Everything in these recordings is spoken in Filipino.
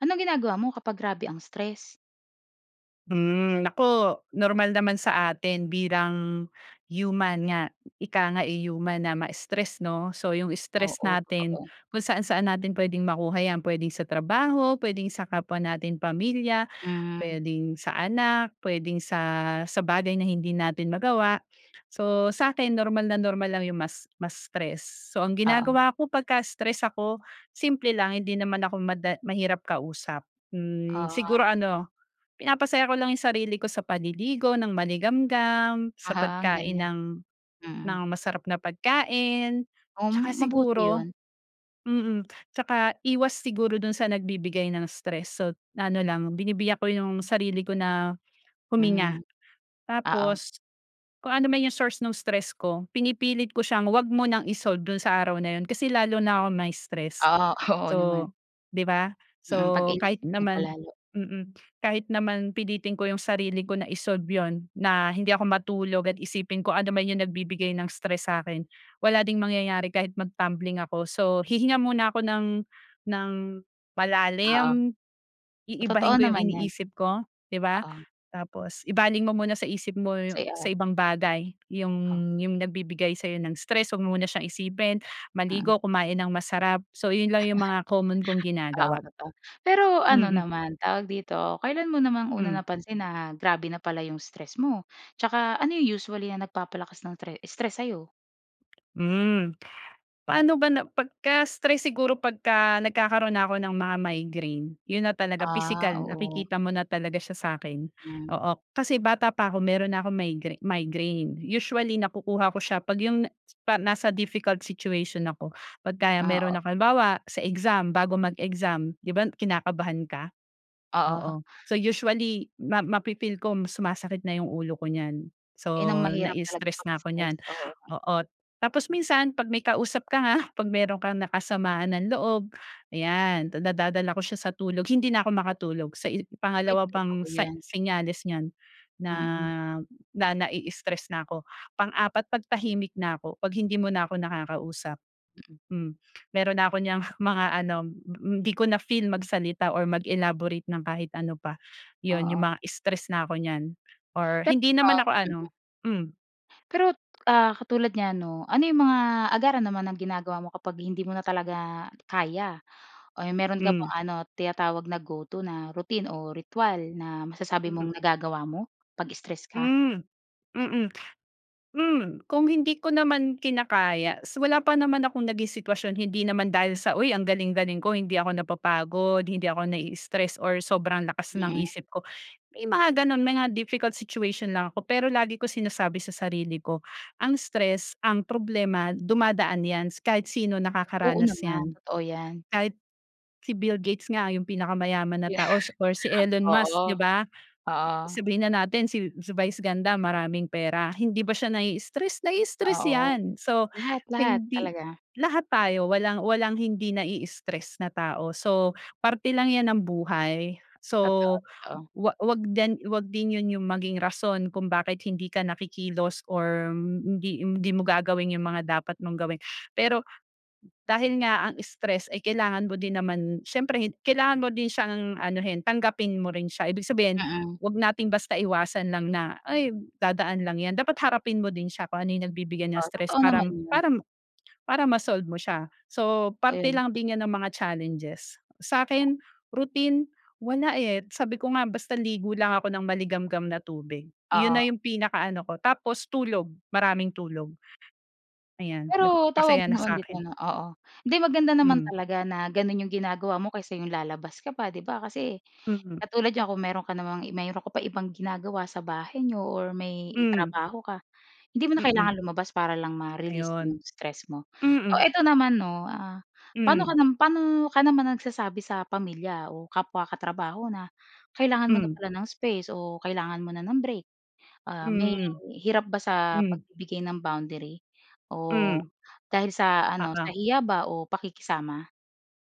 Anong ginagawa mo kapag grabe ang stress? Hmm, naku, normal naman sa atin bilang human nga ika nga, eh, human na ma-stress, no? So yung stress Oo, natin totoo. kung saan saan natin pwedeng makuha yan, pwedeng sa trabaho, pwedeng sa kapwa nating pamilya, Mm. pwedeng sa anak, pwedeng sa sa bagay na hindi natin magawa. So sa'kin normal na normal lang yung mas ma-stress. So ang Oo. ginagawa ko pagka stress ako simple lang, hindi naman ako mada mahirap kausap. Hmm, Oo nga. siguro ano, pinapasaya ko lang yung sarili ko sa paliligo ng maligamgam, sa Aha, ang pagkain galing. ng Mm. ng masarap na pagkain, tsaka Um, mabuti siguro 'yon. mm. Tsaka iwas siguro dun sa nagbibigay ng stress, sot ano lang binibiyak ko yung sarili ko na huminga. Mhm. Oo. Tapos, kung anuman yung source nung stress ko, pinipilit ko siyang huwag mo nang i-solve do'n sa araw na 'yon kasi lalo na kong ma-stress Oo, oo so naman. 'di ba? Mm 'pag So kahit iniisip mo pa naman lalo. mm kahit naman pilitin ko 'yong sarili ko na i-solve 'yon, na hindi ako matulog at isipin kung ano man 'yong nagbibigay ng stress sa akin, wala ding mangyayari kahit mag-tumbling ako. So hihinga muna ako ng ng Oo. malalim, Totoo iibahin ko yung naman yan. iniisip ko 'di ba? Oo. Tapos ibaling mo muna sa isip mo sa Saya. ibang bagay yung Ha. yung nagbibigay sa'yo ng stress huwag mo muna siyang isipin, Mm. maligo, kumain ng masarap. So yun lang yung mga common kong Oo, ginagawa. totoo. Pero ano Mm. naman tawag dito, kailan mo namang una Mm. napansin na grabe na pala yung stress mo? Tsaka ano yung usually na nagpapalakas ng tre stress sa'yo? Hmm, paano ba na pagka stress siguro pagka nagkakaroon na ako ng mga migraine, 'yun na talaga Ah, pisikal oo. nakikita mo na talaga siya sa'kin. Hmm. Oo, kasi bata pa ako meron na akong migra migraine. Usually, nakukuha ko siya pag 'yung na pa nasa difficult situation ako. Pag kaya Ah, meron oh. nak halimbawa sa exam, bago mag-exam di ba, kinakabahan ka? Oo. Oo, so usually ma mafi-feel ko sumasakit na 'yong ulo ko niyan. Ayan ang So, mahirap talaga nai-stress 'pag na ako niyan, stress, oo. oo. Tapos minsan 'pag may kausap ka nga, 'pag meron kang nakasamaan ng loob, ayan nadadala ko siya sa tulog, hindi na ako makatulog. Sa i Ay, pangalawa pang totoo sign 'yan. senyales niyan, na Mm. na nai-stres s na ako. Pang-apat, pag tahimik na ako, 'pag hindi mo na ako nakakausap, Mm. hmm, meron na ako niyang mga ano, mm, 'di ko na feel magsalita or mag-elaborate ng kahit ano pa, 'yon 'yong Oo. mga stress na ako niyan or Pero, hindi naman ako ano, mm. hmm. Pero, ah, katulad niyan 'no, ano 'yung mga agaran naman ng ginagawa mo kapag hindi mo na talaga kaya. Eh, meron ka Hmm. bang ano tinatawag na go-to na routine o ritwal na masasabi Hmm. mong nagagawa mo pag-stress ka? Hmm, mm, hmm, kung hindi ko naman kinakaya s wala pa naman akong naging sitwasyon, hindi naman dahil sa, 'Uy ang galing-galing ko hindi ako napapagod hindi ako nai-stress or sobrang lakas ng Mm. isip ko." May mga gano'n, may mga difficult situation lang ako, pero lagi ko sinasabi sa sarili ko, ang stress, ang problema, dumadaan 'yan kahit sino Oo nakakaranas naman, 'yan, totoo 'yan. kahit si Bill Gates nga 'yong pinakamayaman na Yeah. tao or si Elon Musk, Oo, 'di ba? oo. Sabihin na natin si si Vice Ganda, maraming pera, hindi ba siya nai-stress? Nai-stress Oo, 'yan. So, lahat lahat hindi talaga. lahat tayo walang walang hindi nai-stres na tao, so parte lang 'yan ng buhay. Totoo, So totoo. huwag huwag din huwag din 'yon maging rason kung bakit hindi ka na kikilos or hindi hindi mo gagawin 'yung mga dapat mong gawin. Pero, dahil nga ang stress ay kailangan mo din naman, siyempre kailangan mo din siyang anuhin tanggapin mo rin siya ibig sabihin, Mm. 'wag nating basta iwasan lang na, ay dadaan lang 'yan, dapat harapin mo din siya kung ano 'yung nagbibigay ng Oo, stress totoo naman, parang 'yun. parang para ma-solve mo siya. So, parte Ayun. lang din 'yan ng mga challenges. Sa'kin, routine, wala, eh, sabi ko nga, basta ligo lang ako nang maligamgam na tubig, 'yun na Oo. 'yung pinakaano ko, tapos tulog maraming tulog. Ayan, nag Pero tawag masaya noon nasa dito akin. 'no, oo. 'Di maganda naman Mm. talaga na gano'n 'yong ginagawa mo kaysa 'yong lalabas ka pa 'di ba kasi Mhm. katulad niyan, kung meron ka namang, meron ka pa ibang ginagawa sa bahay n'yo or may Hmm. trabaho ka hindi mo na Mm. kailangan lumabas para lang ma-release Ayun, 'yung stress mo. mm. O eto naman 'no, ah paano ka Hmm. paano ka naman nagsasabi sa pamilya o kapwa katrabaho na kailangan mo na Hmm. pala ng space o kailangan mo na ng break, ah, may Hmm, hirap ba sa hmm. pagbibigay ng boundary o Hmm. dahil sa ano, Oo. sa hiya ba o pakikisama?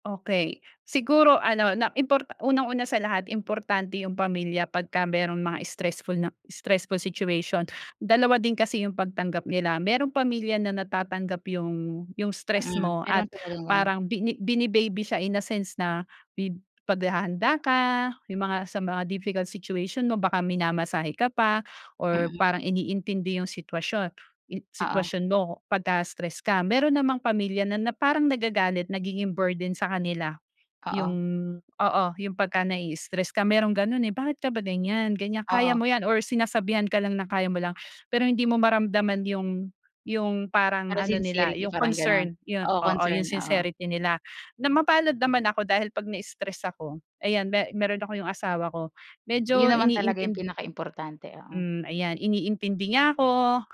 Okey, siguro ano na importa unang-una sa lahat importante 'yung pamilya pagka mayroong mga stressful na stressful situation, dalawa din kasi 'yung pagtanggap nila. Mayroong pamilya na natatanggap 'yung 'yung stress Mm, mo meron at talagang gano'n. parang bini bini-baby siya in a sense na bi paghahanda ka. 'Yong mga sa mga difficult situation mo baka minamasahe ka pa or Mm. parang iniintindi 'yung sitwasyon, i Oo. sitwasyon mo pagka stress ka. Meron namang pamilya na na parang nagagalit nagiging burden sa kanila. 'Yung Oo. oo, 'yung pagka nai-i-stres ka mayroong ganun eh, bakit ka ba ganyan? Ganyan, kaya Oo. mo 'yan or sinasabihan ka lang na kaya mo lang. Pero hindi mo maramdaman 'yong 'yong parang Parang ano nila, sincerity, 'yong parang gano'n? concern yun, Oo, oo, 'yong concern, oo. sincerity nila, na mapalad naman ako dahil 'pag na-stress ako ayan me meron ako 'yong asawa ko, Yun medyo naman talaga 'yung iniintindi pinaka-importante, oo. Hmm, ayan iniintindi niya ako,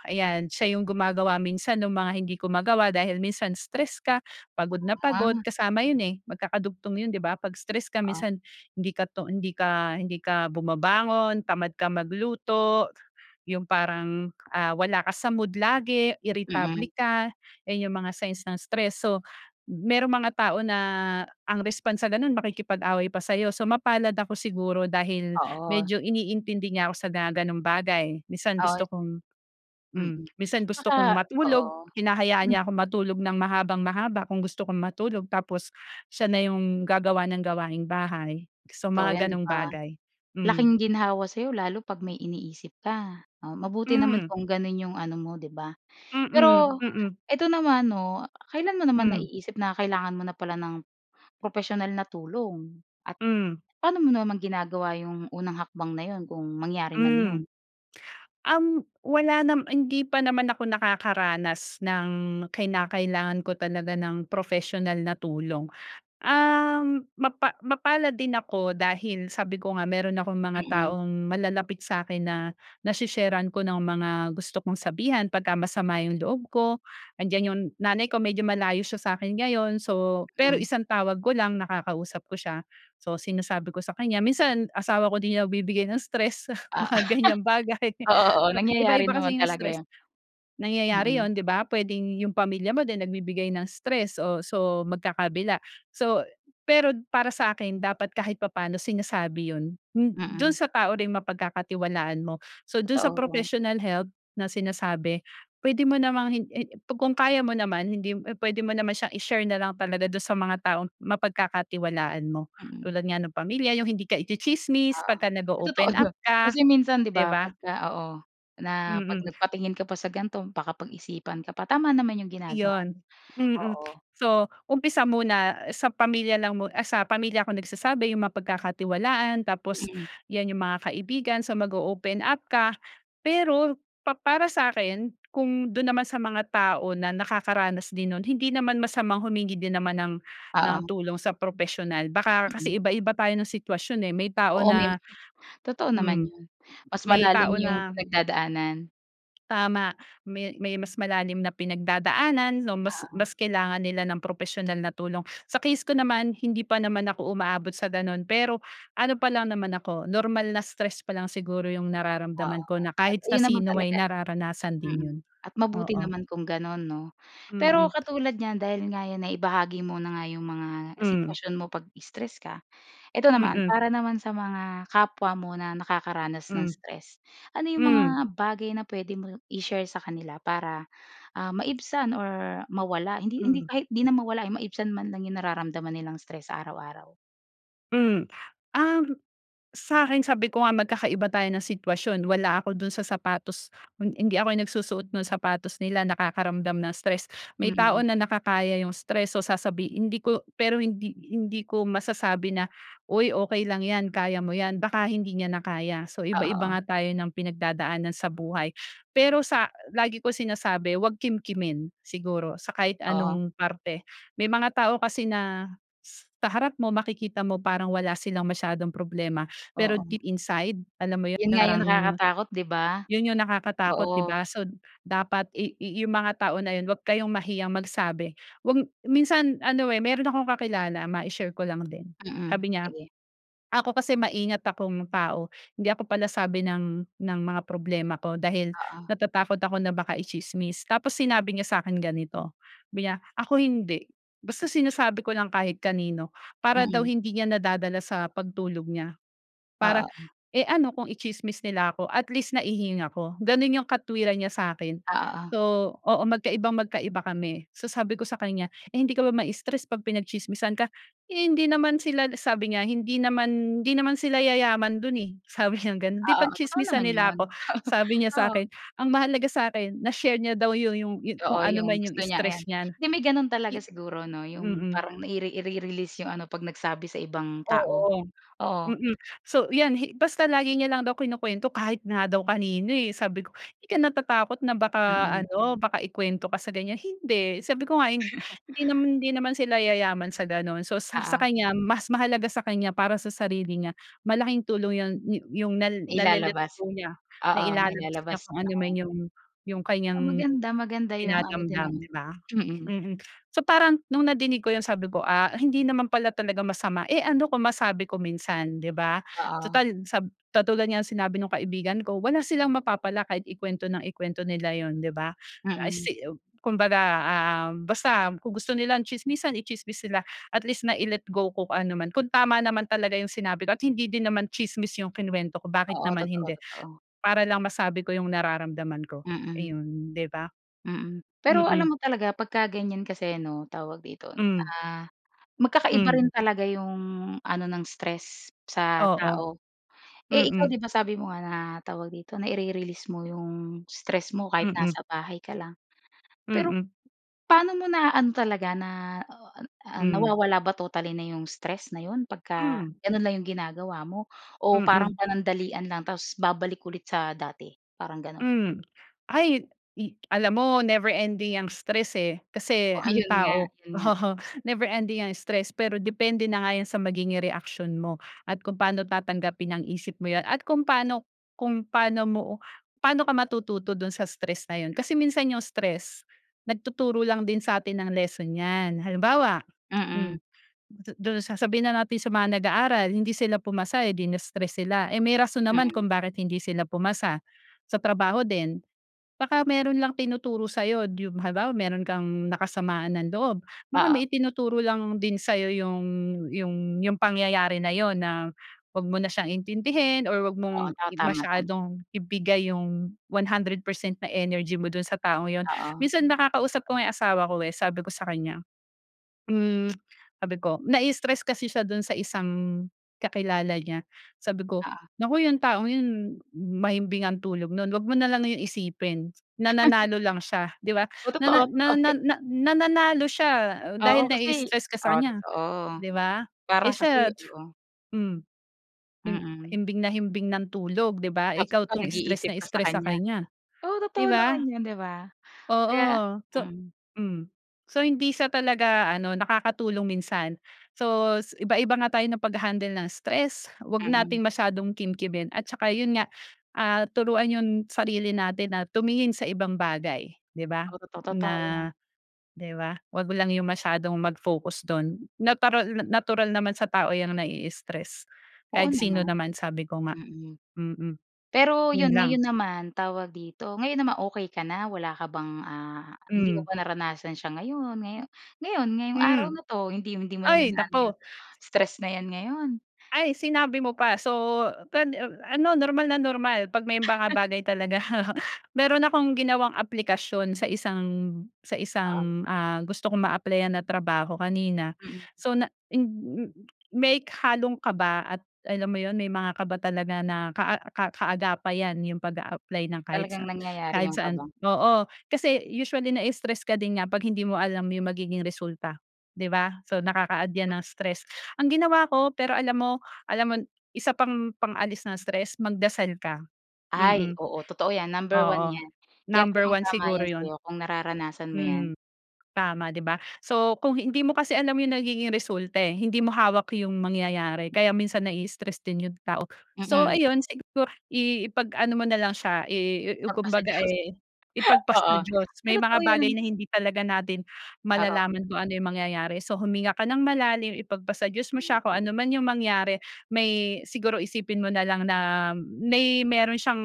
ayan, siya 'yung gumagawa minsan nung mga hindi ko magawa dahil minsan stress ka, pagod na pagod Ah. kasama yun eh, magkakadugtong yun di ba? 'Pag stress ka Oo. minsan hindi ka to hindi ka hindi ka bumabangon tamad ka magluto. 'Yung parang wala ka sa mood lagi, iritable Mm. ka. Iyan 'yung mga signs ng stress. So, m mayroong mga tao na ang response sa ganun makikipag-away pa sa 'yo. So mapalad ako siguro dahil Oo. medyo iniintindi niya ako sa mga ganong bagay, minsan Ay. gusto kong hmm, Mm, minsan gusto kong atsaka matulog, oo. hinahayaan niya akong matulog ng mahabang-mahaba kung gusto kong matulog. Tapos siya na 'yong gagawa ng gawaing bahay, so Totoo 'yan, mga 'di ganong ba? bagay, mm. Laking ginhawa sa 'yo lalo 'pag may iniisip ka. Ah, mabuti naman Hmm. kung gano'n 'yong ano mo, 'di ba? Mm, Pero mm. eto naman 'no, kailan mo naman Hmm. naiisip na kailangan mo na pala ng professional na tulong at Hmm. paano mo naman ginagawa 'yong unang hakbang na 'yon kung mangyari man 'yon? Hmm, um, wala nama hindi pa naman ako nakakaranas ng kinakailangan ko talaga ng professional na tulong. Ah, mapa mapalad din ako dahil sabi ko nga meron akong mga Mm. taong malalapit sa 'kin na nase-share-an ko ng mga gusto kong sabihan pagka masama 'yung loob ko. Nandiyan 'yung nanay ko medyo malayo siya sa 'kin ngayon, so, pero Hmm. isang tawag ko lang nakakausap ko siya. So, sinasabi ko sa kanya. Minsan asawa ko din nagbibigay ng stress, Ah. mga ganyang bagay. Oo, oo Iba nangyayari iba kasi naman 'yung talaga stress. 'yan. Nangyayari Mhm. yun di ba pwedeng 'yung pamilya mo din, nagbibigay ng stress o so magkakabila. So pero para sa 'kin dapat kahit papaano sinasabi yun, m dun Mm. sa tao ring mapagkakatiwalaan mo. So dun sa Totoo. professional help na sinasabi, pwede mo namang hin he kung kaya mo naman hindi mo eh, pwede mo naman siyang i-share na lang talaga dun sa mga taong mapagkakatiwalaan mo. Mm. Tulad nga no'ng pamilya, 'yung hindi ka itsitsismis Oo, pagka totoo nag-o-open up naman, ka, kasi minsan 'di 'di ba ba? pagka oo, na 'pag Mm. nagpatingin ka pa sa ganito baka pag-isipan ka pa. Tama naman 'yong ginagawa mo, Iyon, mm. oo. So, umpisa muna sa pamilya lang mo ah, sa pamilya ako nagsasabi, 'yung mga mapagkakatiwalaan. Tapos Mm. yan, 'yung mga kaibigan so mag-o-open up ka. Pero pa para sa akin kung dun naman sa mga tao na nakakaranas din nun, hindi naman masamang humingi din naman ng ng Oo. tulong sa professional. Baka kasi Mhm. iba-iba tayo ng sitwasyon eh, may tao Oo, may na mga totoo naman mm, 'yon mas may malalim tao 'yong na pinagdadaanan. Tama. May may mas malalim na pinagdadaanan 'no, mas Ah. mas kailangan nila ng propesyonal na tulong. Sa case ko naman, hindi pa naman ako umaabot sa gano'n. Pero ano pa lang naman ako, normal na stress pa lang siguro yung Oo, nararamdaman ko na at kahit na iyon naman sino ay talaga, nararanasan din yun. mhm. At mabuti Oo. naman kung gano'n 'no. Mm. Pero katulad niyan dahil nga yan naibahagi mo na nga yung mga Hmm. sitwasyon mo 'pag stress ka, ito naman, Mm. para naman sa mga kapwa mo na nakakaranas ng Hmm. stress, ano yung mga Hmm. bagay na puwede mong i-share sa kanila para, ah, maibsan or mawala hindi hindi Hmm. kahit hindi na mawala, eh, maibsan man lang yung nararamdaman nilang stress sa araw-araw? Hmm. Um, sa akin sabi ko nga magkakaiba tayo ng sitwasyon, wala ako do'n sa sapatos hi hindi ako nagsusuot ng sapatos nila, nakakaramdam ng stress. May tao Mm. na nakakaya yung stress, so sasabihin hindi ko pero hindi hindi ko masasabi na, "Uy okey lang 'yan, kaya mo yan." Baka hindi niya na kaya, so O iba-iba oo. nga tayo ng pinagdadaanan sa buhay. Pero sa lagi ko sinasabi 'wag kimkimin, siguro sa kahit Oo. anong parte, may mga tao kasi na sa harap mo, makikita mo parang wala silang masyadong problema, pero Oo. deep inside alam mo yun Yun nga yung parang nakakatakot, di ba? yun yung nakakatakot di Oo. ba. So dapat i i yung mga tao na yun, 'wag kayong mahiyang magsabi, 'wag minsan ano, eh, mayro'n akong kakilala, mai-share ko lang din Mm, sabi niya, sige. "Ako kasi maingat akong tao, hindi ako palasabi ng ng mga problema ko dahil Oo. natatakot ako na baka itsismis." Tapos sinabi niya sa akin ganito sabi niya, "Ako hindi, basta sinasabi ko lang kahit kanino." Para daw Mm. hindi niya nadadala sa pagtulog niya para Oo. eh, ano kung i-tsismis nila ako at least naihinga ko. Gano'n yung katuwiran niya sa'kin. O oo. So, oo magkaibang-magkaiba kami. So sabi ko sa kanya, "eh, hindi ka ba mai-stress 'pag pinagtsismisan ka?" Hindi naman sila sabi niya, "Hindi naman, hindi naman sila yayaman do'n, eh." Sabi niyang gano'n. Oo, "Di oo, totoo pagtsismisan naman nila yun. ako," sabi niya sa Oo, oo. akin. Ang mahalaga sa akin na-share niya daw yu yung kung Oo, anuman yung yung gusto niya stress ayan. niya. 'Di may gano'n talaga I siguro 'no, yung mm. parang naire ire ire release yung ano, 'pag nagsabi sa ibang tao. Oo. Oo. Mm. So yan, hi basta lagi niya lang daw kinukwento kahit nga daw kanino, eh. Sabi ko, "Di ka natatakot na baka Mm. ano, baka ikuwento ka sa ganiyan?" "Hind," sabi ko nga hindi naman, hindi naman sila yayaman sa gano'n. So sa sa Oo. kanya mas mahalaga sa kanya para sa sarili niya, malaking tulong yun yung nal Nailalabas, nale-let-go niya, oo. nailalabas niya Nailalabas, kung anuman oo. yung yung Ah, kaniyang maganda, maganda yung ano din dinadamdam, ng di ba? mm. Mhm. So parang nung nadinig ko yun sabi ko, "Ah, hindi naman pala talaga masama, eh, ano kung masabi ko minsan." Di ba? Oo. Tutal sa katulad nga nung sinabi ng kaibigan ko, "Wala silang mapapala kahit ikuwento ng ikuwento nila yun." Di ba? I Mm. see Kumbaga, um, basta kung gusto nila ng tsismisan, itsismis nila. At least nai-let go ko kung anuman, kung tama naman talaga yung sinabi ko at hindi din naman tsismis yung kinuwento ko, bakit Oo, naman totoo, hindi? totoo. Para lang masabi ko yung nararamdaman ko. Mm. Ayun, di ba? Mm. Pero Mm. alam mo talaga pagka ganiyan kasi 'no tawag dito, Hmm. ah, magkakaiba Hmm. rin talaga yung ano ng stress sa Oo. tao. Eh, ikaw Mm. di ba, sabi mo nga na tawag dito naire-release mo yung stress mo kahit Mm. nasa bahay ka lang. Pero Mm. paano mo naaano talaga? Na, ah, ah, Hmm. nawawala ba totally na yung stress na yun pagka Hmm. gano'n lang yung ginagawa mo o parang Mm. panandalian lang tapos babalik ulit sa dati? Parang gano'n. Hmm. Ay, i alam mo never ending yang stress, eh, kasi Oo, ang yun nga. tao Yun nga. oo. Never ending ang stress pero depende na nga yan sa magiging reaksyon mo at kung paano tatanggapin ng isip mo yan at kung paano kung paano mo, paano ka matututo do'n sa stress na yun kasi minsan yung stress, nagtuturo lang din sa atin ng lesson yan. Halimbawa, Mm. hmm, du do'n sa sabihin na natin sa mga nag-aaral, hindi sila pumasa, eh, di na-stress sila, eh, may rason naman Mm. kung bakit hindi sila pumasa. Sa trabaho din, baka mayro'n lang tinuturo sa'yo. Yung halimbawa mayro'n kang nakasamaan ng loob, baka Oo may itinuturo lang din sa'yo yung yung yung pangyayari na yun na 'wag mo na siyang intindihin or 'wag Oo. mong Ta tama, tama. masyadong ibigay yung 100% na energy mo do'n sa taong yun. Oo. Minsan nakakausap ko nga yung asawa ko, eh, sabi ko sa kanya, hmm, sabi ko, nai-stress kasi siya do'n sa isang kakilala niya. Sabi ko, Oo. "Naku yung taong yun, mahimbing ang tulog no'n. 'Wag mo na lang yun isipin, nananalo lang siya." Di ba? Oo, Nana totoo, na totoo na yun. na "nananalo siya dahil Oo kasi nai-stress ka sa oo, kaniya," totoo. di ba? "Eh, Parang kasi, siya, oo. hmm, him Mm. himbing na himbing ng tulog, di ba? Tapos Ikaw ikaw 'tong stress nag-iisip na ka sa stress sa kanya? kaniya," Oo, di totoo ba? naman yun di ba? Kaya Oo, so mm. hmm. So, hindi siya talaga ano, nakakatulong minsan. So iba-iba nga tayo ng pag-ha-handle ng stress, huwag Mm. nating masyadong kimkimin at tsaka yun nga, ah, turuan yung sarili natin na tumingin sa ibang bagay, di ba, Oo, totoo. na Totoo yan. di ba 'wag lang yung masyadong mag-focus do'n. Natural natural naman sa tao 'yang nai-stress, Oo kahit sino naman. naman sabi ko nga. Mm. Mm. Pero Yun yun, lang. ngayon naman tawag dito, ngayon naman okey ka na? Wala ka bang, ah hindi mo Hmm. ba naranasan siya ngayon ngayon ngayon ngayong araw Hmm. na 'to? Hindi hindi mo naman Ay naano yung naku! stress na 'yan ngayon? Ay, sinabi mo pa so ped a ano, normal na normal 'pag may mga bagay talaga mayro'n akong ginawang aplikasyon sa isang sa Ah. isang, ah, gusto ko maaplayan na trabaho kanina. Mm. So na hin may halong kaba at alam mo yun may mga kaba talaga na kaa ka kaagapay yan, yung pag-aapply ng kahit sa Talagang ng nangyayari kahit yung saan. kaba? Oo, kasi usually na-stress ka din nga 'pag hindi mo alam yung magiging resulta, di ba? So nakaka-add yan ng stress. Ang ginawa ko, pero alam mo, alam mo isa pang pang-alis ng stress, magdasal ka. Ay, Mm. oo totoo 'yan, number 1 Oo, 'yan. Kaya number 1 tamang-tama siguro 'yan yun. sa'yo kung nararanasan mo 'yan. Mm, tama di ba? So, kung hindi mo kasi alam yung nagiging resulta, eh, hindi mo hawak yung mangyayari kaya minsan nai-stress din yung tao. So Mm. ayun, siguro i ipag-ano mo na lang siya, i i Papasa kumbaga, Diyos. eh, ipagpasa Oo. Diyos. 'Di, May totoo mga yun. bagay na hindi talaga natin Oo. malalaman kung ano yung mangyayari, so huminga ka ng malalim, ipagpasa Diyos mo Hmm. siya, kung anuman yung mangyari may siguro isipin mo na lang na may mayro'n siyang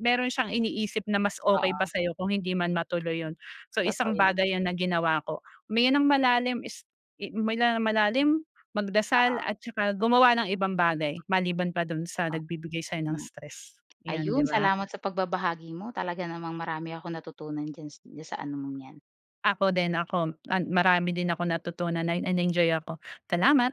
mayro'n siyang iniisip na mas okey pa Oo. sa'yo kung hindi man matuloy yun. So Totoo isang yun. bagay yan na ginawa ko. Huminga ng malalim, is huminga ng malalim, magdasal Oo. at saka gumawa ng ibang bagay maliban pa do'n sa O nagbibigay sa'yo ng hmm. stress, yan di Ayun, ba? salamat sa pagbabahagi mo. Talaga namang marami akong natutunan diyan diyan sa ano mong 'yan. Ako din, ako at marami din akong natutunan at na nag-enjoy ako. Salamat.